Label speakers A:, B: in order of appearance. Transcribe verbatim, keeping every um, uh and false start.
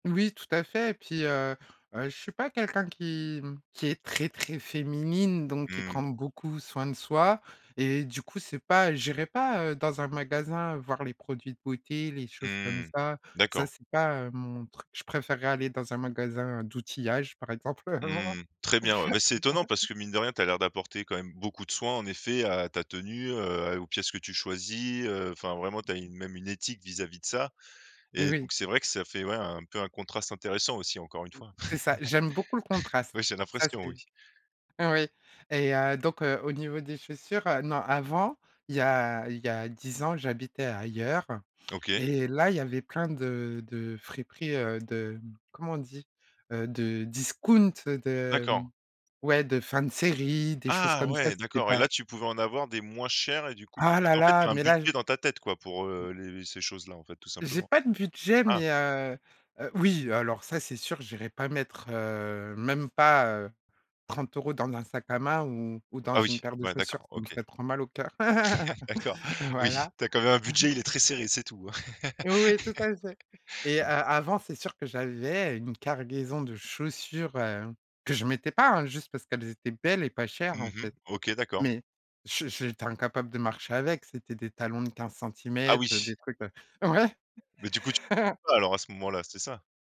A: Oui tout à fait et puis, heu heu, je suis pas quelqu'un qui, mmh, qui est très très féminine, donc qui prend
B: Mmh.
A: beaucoup soin de soi et du coup c'est pas j'irai pas, heu, dans un magasin voir les produits de beauté, les choses comme
B: Mmh.
A: ça. Ça
B: D'accord.
A: c'est pas, heu, mon truc, je préférerais aller dans un magasin d'outillage par exemple vraiment.
B: Mmh. Très bien, ouais mais c'est étonnant parce que mine de rien tu as l'air d'apporter quand même beaucoup de soin en effet à ta tenue, heu, à aux pièces que tu choisis, heu, enfin vraiment tu as une même une éthique vis-à-vis de ça.
A: Mais
B: Et
A: oui.
B: donc c'est vrai que ça fait ouais un peu un contraste intéressant aussi encore une fois.
A: C'est ça, j'aime beaucoup le contraste,
B: Oui c'est une
A: ça
B: impression
A: c'est
B: oui.
A: oui et heu, donc, heu, au niveau des chaussures, heu, non avant, il y a il y a dix ans j'habitais ailleurs
B: OK.
A: et là il y avait plein de de friperies, heu, de mmh, comment on dit? Heu, de discount, heu, de mmh,
B: D'accord.
A: ouais de fins de série, des choses
B: Ah
A: comme ça,
B: ouais
A: c'était
B: d'accord et
A: pas
B: là tu pouvais en avoir des moins chers et du coup,
A: Ah
B: parce que
A: là
B: tu en fait tu
A: là,
B: as un
A: mais là j
B: budget dans ta tête quoi pour,
A: m
B: heu, les ces choses-là en fait tout
A: J'ai
B: simplement?
A: pas de budget,
B: Ah.
A: mais, heu, heu, oui, heu, alors ça, c'est sûr, j'irai pas mettre, heu, même pas, heu, trente euros dans un sac à main ou ou dans
B: Ah
A: une
B: oui,
A: paire de
B: bah,
A: chaussures,
B: d'accord
A: ça me
B: OK.
A: ferait trop mal au cœur,
B: D'accord, oui
A: voilà.
B: tu as quand même un budget il est très serré c'est tout hein.
A: Heu, ouais, tout à fait et heu, avant, c'est sûr que j'avais une cargaison de chaussures, heu, que je mettais pas, hein, juste parce qu'elles étaient belles et pas chères en
B: Mmh mh.
A: fait.
B: OK d'accord.
A: Mais je j'étais incapable de marcher avec, c'était des talons de quinze
B: Ah
A: centimètres, heu,
B: oui.
A: des trucs, heu, ouais.
B: Mais du coup tu [unintelligible] alors à ce moment-là c'est ça?